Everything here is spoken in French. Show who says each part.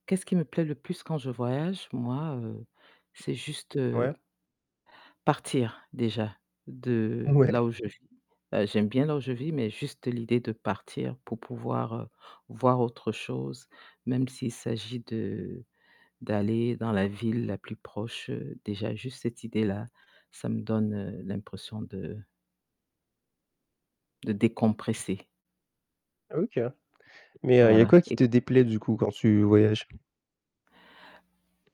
Speaker 1: Qu'est ce qui me plaît le plus quand je voyage? Moi, heu, c'est juste, heu
Speaker 2: Ouais.
Speaker 1: partir, déjà, de là
Speaker 2: Mouais.
Speaker 1: où je vis. Heu, j'aime bien là où je vis, mais juste l'idée de partir pour pouvoir, heu, voir autre chose. Même s'il s'agit de d'aller dans la ville la plus proche, heu, déjà, juste cette idée-là. Ça me donne, heu, l'impression de de décompresser.
Speaker 2: OK. Mais, heu, il y a
Speaker 1: Voilà.
Speaker 2: quoi qui
Speaker 1: Et c
Speaker 2: te déplaît du coup, quand tu voyages?